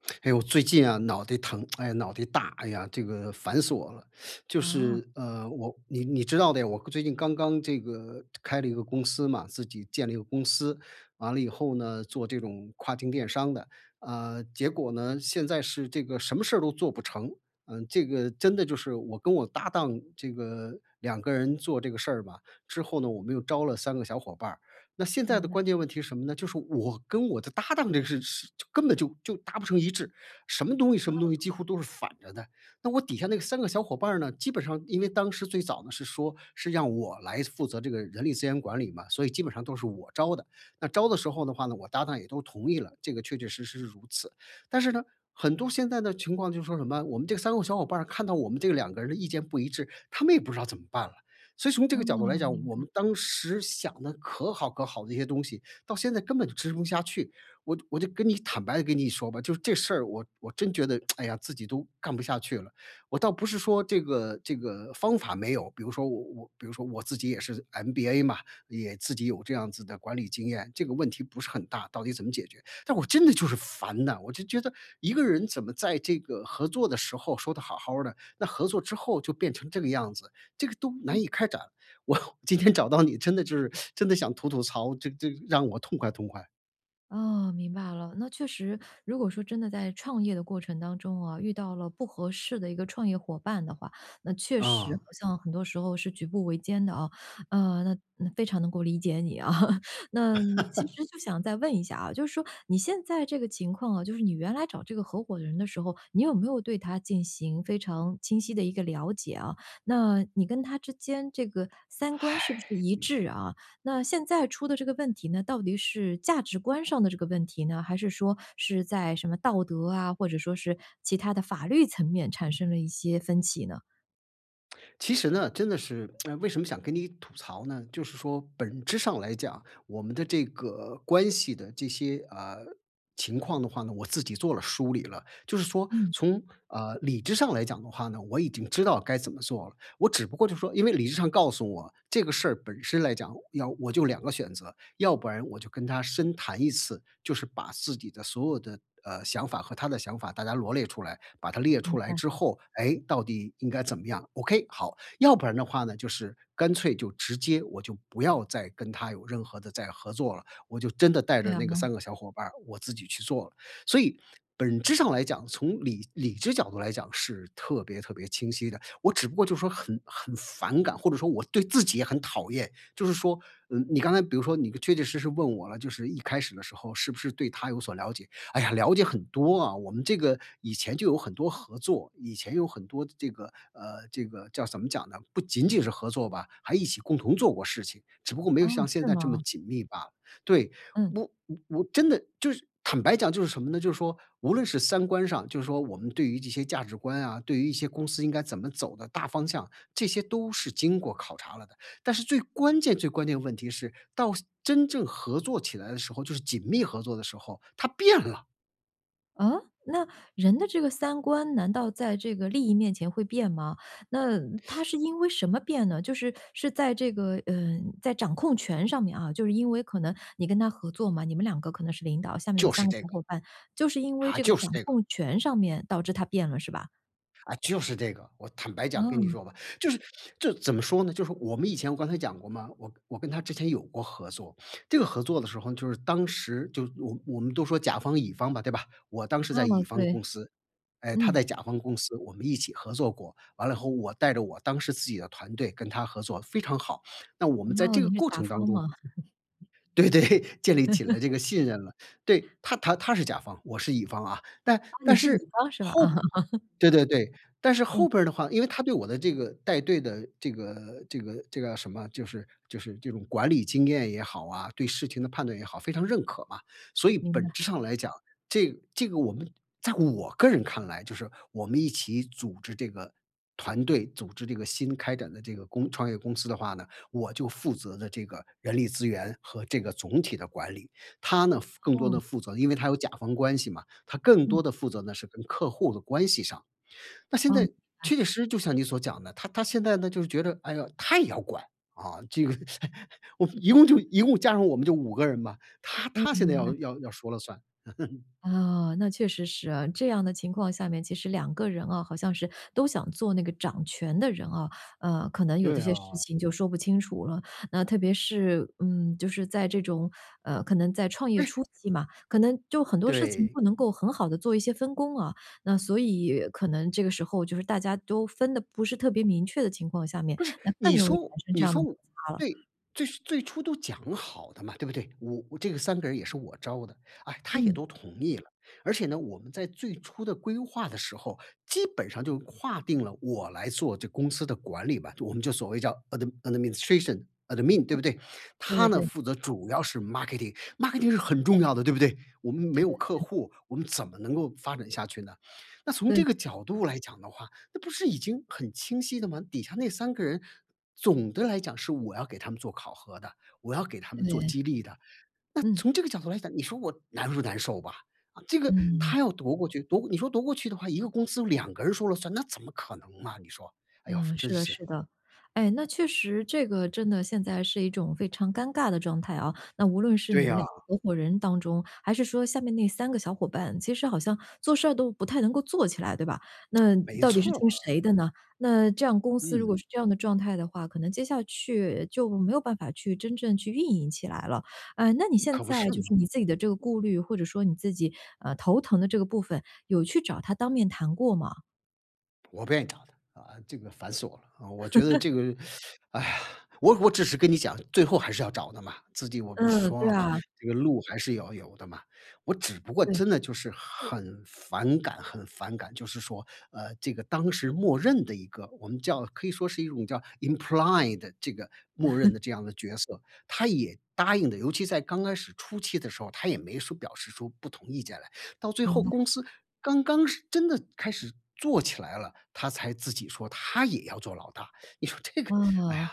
哎，我最近啊脑袋疼、哎呀脑袋大，哎呀，这个烦死我了。就哦。是，呃，我你你知道的呀，我刚最近刚刚这个开了一个公司嘛自己建了一个公司，完了以后呢，做这种跨境电商的。呃，结果呢，现在是这个什么事儿都做不成。嗯，这个真的就是我跟我搭档这个2个人做这个事儿吧，之后呢我们又招了3个小伙伴儿。那现在明的白。关键问题什么呢？就是我跟我的搭档这个事事就根本就就达不成一致。什么东西什么东哦。西几乎都是反着的。那我底下那3个小伙伴儿呢，基本上因为当时最早呢是说，是让我来负责这个人力资源管理嘛，所以基本上都是我招的。那招的时候的话呢，我搭档也都同意了，这个确确实实是如此。但是呢，很多现在的情况就说什么，我们这3个小伙伴儿看到我们这2个人的意见不一致，他们也不知道怎么办了。所以从这哦，个角度来讲，明我白。们当时想得可好可好的一些东西，到现在根本就执行不下去。我就我就跟你坦白地跟你说吧，就是这事儿我我真觉得，哎呀，自己都干不下去了。我倒不是说这个这个方法没有，比如说我我比如说我自己也是 MBA 嘛，也自己有这样子的管理经验，这个问题不是很大，到底怎么解决。但我真的就是烦呐，我就觉得一个人怎么在这个合作的时候说得好好儿的，那合作之后就变成这个样子，这个都嗯。难以开展。我今天找到你，真的就是 真的想吐吐槽，这这让我痛快痛快。哦，明白了，那确实如果说真的在创业的过程当中啊，遇到了不合适的一个创业伙伴的话，那确实啊。好像很多时候是举步维艰的啊。呃，那那非常能够理解你啊。那其 实就想再问一下啊，就是说你现在这个情况啊，就是你原来找这个合伙人的时候，你有没有对他进行非常清晰地一个了解啊？那你跟他之间这个三观是不是一致 啊？那现在出的这个问题呢，到底是价值观上的这个问题呢，还是说是在什么道德啊，或者说是其他的法律层面产生了一些分歧呢？其实呢，真的是 为什么想跟你吐槽呢？就是说本质上来讲，我们的这个关系的这些，呃，情况的话呢，我自己做了梳理了。就是说，嗯。从呃，理智上来讲的话呢，我已经知道该怎么做了。我只不过就说因为理智上告诉我这个事儿本身来讲，要我就2个选择，要不然我就跟他深谈1次，就是把自己的所有的，呃，想法和他的想法大家罗列出来，把它列明出来白。之后，诶，到底应该怎么样？Ok，好，要不然的话呢，就是干脆就直接我就不要再跟他有任何的再合作了，我就真的带着那个 [unintelligible] 3个小伙伴儿我自己去做了。所以，本质上来讲，从理理智角度来讲是特别特别清晰的，我只不过就是说很很反感，或者说我对自己也很讨厌。就是说，呃，你刚才比如说你确确实实问我了，就是一开始的时候是不是对他有所了解，哎呀，了解很多啊，我们这个以前就有很多合作，以前有很多这个呃，这个叫怎么讲呢？不仅仅是合作吧，还一起共同做过事情，只不过没噢，有像现是在这么吗？紧密罢了。对，嗯。我我我真的就是坦白讲就是什么呢？就是说无论是三观上就说我们对于这些价值观啊，对于一些公司应该怎么走的大方向，这些都是经过考察了的。但是最关键，最关键问题是到真正合作起来的时候，就是紧密合作的时候，它变了。啊？那，人的这个三观难道在这个利益面前会变吗？那他 是因为什么变呢？就是是在这个，呃，在掌控权上面啊，就是因为可能你跟他合作嘛，你们2个可能是领导，下面有就3是个这小个。伙伴，就是因为啊，这个就是掌这个。控权上面导致他变了是吧？啊，就是这个。我坦白讲跟你嗯。说吧，就是就是怎么说呢，就是我们以前我刚才讲过嘛，我我跟他之前有过合作。这个合作的时候，就是当时就我我们都说甲方乙方吧，对吧，我当时啊，在乙方对。公司，哎，他嗯。在甲方公司我们一起合作过，完了以后我带着我当时自己的团队跟他合作非常好。那我们在哦，这你个是过甲程当方中吗？对对，建立起了 这个信任了。对，他他他是甲方，我是乙方啊，但啊，你但是乙是，方是吧？后啊。对对对，但是后嗯。边儿的话，因为他对我的这个带队的这个这个这个什么，就是就是这种管理经验也好啊、对事情的判断也好，非常认可嘛。所以明本白。质上来讲，这这个我们在我个人看来就是我们一起组织这个团队、组织这个新开展的这个公创业公司的话呢，我就负责的这个人力资源和这个总体的管理。他呢负更多哦。地负责，因为他有甲方关系嘛，他更嗯。多地负责呢是跟客户的关系上。那现哦，在，明白。确确实实就像你所讲的，他他现在呢就是觉得，哎哟，他也要管，啊，这个 一共就嗯。一共加上我们就5个人嘛，他嗯，他现在明要白。要要说了算。啊，那确实是啊。这样的情况下面，其实2个人啊，好像是都想做那个掌权的人啊，呃，可能有对的些事啊。情就说不清楚了。那特别是，嗯，就是在这种，呃，可能在创业哎！初期嘛，可能就很多事情对。不能够很好地做一些分工啊，那所以可能这个时候就是大家都分得不是特别明确的情况下面，不是，那更你容易产说生这你样的说摩我擦了。对，最最初都讲好的嘛，对不对？我这个3个人也是我招的，哎，他也嗯。都同意了。而且呢，我们在最初的规划的时候，基本上就划定了我来做这个公司的管理吧，我们就所谓叫 ad adminstration admin 对哦。不对？对他对呢对。负责主要是 marketing，marketing 是很重要的对不对？我们没对有对客对。户，我们怎么能够发展下去呢？那从对。这个角度来讲的话，那不是已经很清晰的吗？底下那3个人，总的来讲是我要给他们做考核的，我要给他们做对。激励的。那嗯。从这个角度来讲，你说我难不难受吧？这个嗯。他要夺过去，夺过你说夺过去的话，1个公司有2个人说了算，那怎么可能吗？你说，哎呦，嗯，真是的，是。是的。哎，那确实这个真的现在是一种非常尴尬的状态啊，那无论是对你们2呀。个合伙人当中，还是说下面那3个小伙伴，其实好像做事儿都不太能够做起来，对吧？那 没到底是错儿。听谁的呢？那这样公司如果嗯。是这样的状态的话，可能接下去就没有办法去真正去运营起来了。哎，那你现可不在是就是嘛！你自己的这个顾虑，或者说你自己，呃，头疼的这个部分，有去找他当面谈过吗？我不愿意找他，啊，这个烦死我了。啊，我觉得 这个 哎呀，我我只是跟你讲，最后还是要找的嘛，自己我不是嗯，说对了吗，啊。这个路还是要有的嘛。我只不过对。真的就是很反感，很反感，就是说，呃，这个当时默认的一个我们叫可以说是一种叫 implied 这个默认 的这样的角色，他也答应的，尤其在刚开始初期的时候，他也没说表示出不同意见来，到最明后白。公司刚刚是真的开始做起来了，他才自己说他也要做老大，你说这个，哎啊，呀。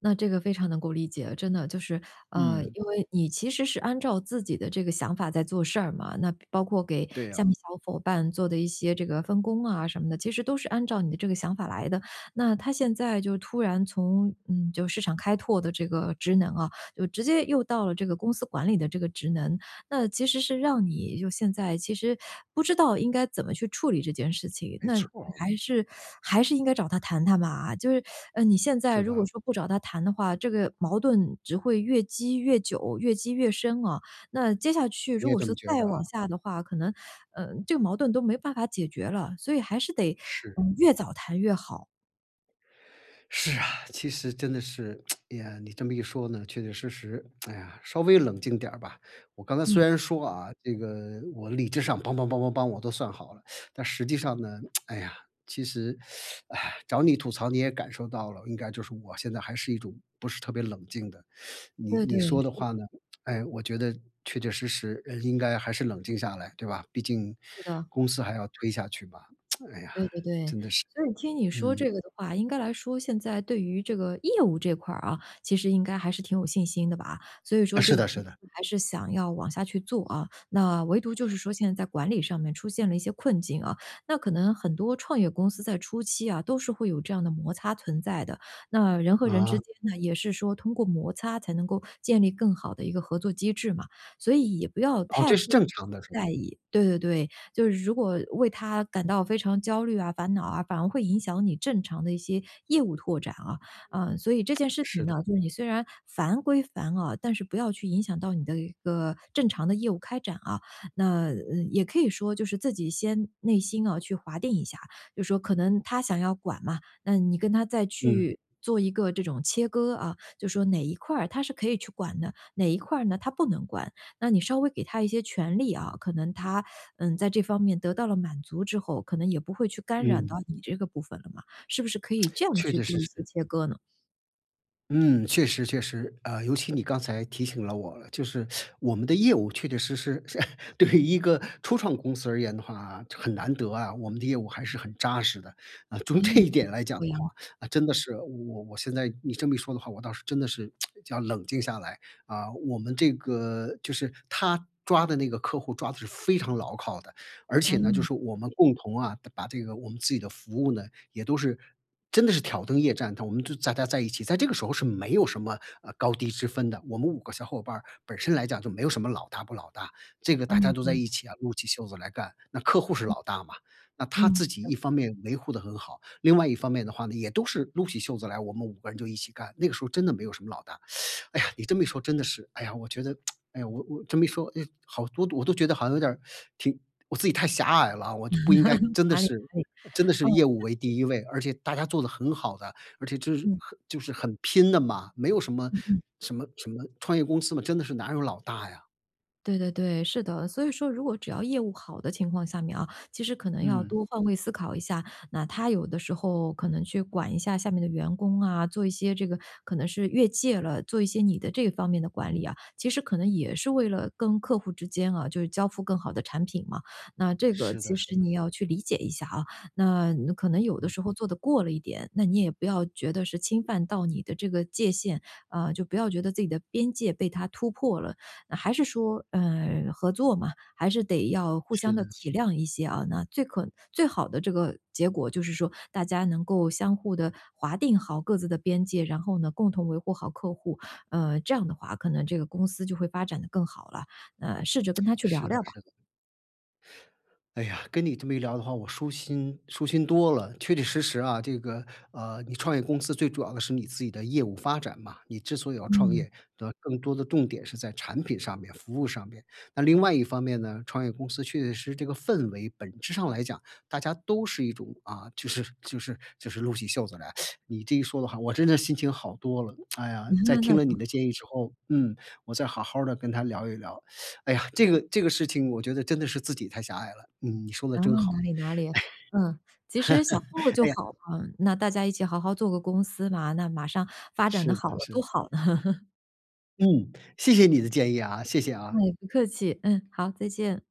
那这个非常能够理解。真的就是，呃，嗯。因为你其实是按照自己的这个想法在做事儿嘛，那包括给对下呀。面小 伙伴做的一些这个分工啊什么的，其实都是按照你的这个想法来的。那他现在就突然从嗯，就市场开拓的这个职能啊，就直接又到了这个公司管理的这个职能，那其实是让你就现在其实不知道应该怎么去处理这件事情，没那错儿。还是 还是应该找他谈谈嘛？就是 你现在是如吧？果说不找他谈的话，这个矛盾只会越积越久、越积越深啊，那接下去你如也果这说么觉再得往啊？下的话，可能，呃，这个矛盾都没办法解决了，所以还是得，是。嗯，越早谈越好。是啊，其实真的是，哎呀你这么一说呢，确确实实，哎呀，稍微冷静点儿吧。我刚才嗯。虽然说啊，这个我理智上梆梆梆梆梆我都算好了，但实际上呢，哎呀，其实，哎呀，找你吐槽，你也感受到了，应该就是我现在还是一种，不是特别冷静的- 你对，对，你说的是。话呢，哎，我觉得确确实实人应该还是冷静下来，对吧？毕竟是的。公司还要推下去吧，哎呀，对对对。真的是。所以听你说嗯。这个的话，应该来说现在对于这个业务这块儿啊，其实应该还是挺有信心的吧。所以说呃，这是个公的，是的。司还是想要往下去做啊。那唯独就是说现在在管理上面出现了一些困境啊，那可能很多创业公司在初期啊，都是会有这样的摩擦存在的。那人和人啊。之间呢，也是说通过摩擦才能够建立更好的一个合作机制嘛，所以也不要哦，太这是过正常的，是吧？在意。对对对，就是如果为它感到非常焦虑啊、烦恼啊，反而会影响你正常的一些业务拓展啊。啊，所以这件 事情是呢，的。就是你虽然烦归烦啊，但是不要去影响到你的一个正常的业务开展啊。那，呃，也可以说就是自己先内心啊去划定一下，就是说可能他想要管嘛，那你跟他再嗯。去，做一个这种切割啊，就是说哪一块儿他是可以去管的，哪一块儿呢他不能管。那你稍微给他一些权利啊，可能他，嗯，在这方面得到了满足之后，可能也不会去干扰到嗯。你这个部分了嘛，是不是可以这 样确去确实做一些实。切割呢？嗯，确实，确实。呃，尤其你刚才提醒了我，就是 我们的业务确确实实 是对于一个初创公司而言的话，很难得啊，我们的业务还是很扎实的。啊，从这嗯，一点来讲的对呀。话，那真的是我我现在你这么一说的话，我倒是真的是 要冷静下来。啊，我们这个就是他抓的那个客户抓的是非常牢靠的。而且呢，就嗯。是我们共同啊，把这个我们自己的服务呢，也都是真的是挑灯夜战的，我们就大家在一起，在这个时候是没有什么，呃，高低之分的。我们5个小伙伴儿，本身来讲就没有什么老大不老大，这个大家嗯，都在对。一起啊，撸起袖子来干，那客户是嗯，老大嘛。那他嗯，自是己的。一方面维护得很好，另外一方面的话呢，也都是撸起袖子来，我们5个人就一起干，那个时候真的没有什么老大。哎呀，你这么一说真的是，哎呀，我觉得 哎呀，我我这么一说，唉，好多我都觉得好像有点儿 挺我自己太狭隘了，我就不应该 真的哪里，是哪里。真的嗯，是业务为确实。第1位，而且大家做得很好的，而且就是嗯。很就是很拼的嘛，没有什么嗯，嗯。什么什么创业公司嘛，真的是哪有老大呀。对对对，是的，所以说如果只要业务好的情况下面啊，其实可能要嗯。多换位思考一下，那他有的时候可能去管一下下面的员工啊，做一些这个可能是越界了，做一些你的这方面的管理啊，其实可能也是为了跟客户之间啊，就是交付更好的产品嘛。那这个是的，其是实的。你要去理解一下啊，那可能有的时嗯。候做得过了一点，那你也不要觉得是侵犯到你的这个界限，呃，就不要觉得自己的边界被他突破了。那还是说，呃，合作嘛，还是得要互是相地的。体谅一些啊。那最可最好的这个结果就是说，大家能够相互地划定好各自的边界，然后呢，共同维护好客户。呃，这样的话，可能这个公司就会发展得更好了，那，试着跟 他去聊是的，聊吧。是的。哎呀，跟你这么一聊的话，我舒心舒心多了。确确实实啊，这个，呃，你创业公司最主要的是你自己的业务发展嘛，你之所以要创嗯。业，那更多的重点是在产品上面、服务上面。那另外一方面呢，创业公司确确实实这个氛围本质上来讲，大家都是一种，啊，就是就是就是撸起袖子来。你这一说的话，我真的是心情好多了。哎呀，在 听那了就你的好。建议之后，嗯，我再好好儿的跟他聊一聊。哎呀，这个这个事情我觉得真的是自己太狭隘了。嗯，你说的哦，真哪好。里，唉。哪里，嗯，其实想做 就哎呀好了，那大家一起好好做个公司嘛，那马上发展得是好的，了，是都的。好呢。嗯，谢谢你的建议啊，谢谢哎，啊。不客气。嗯，好，再见。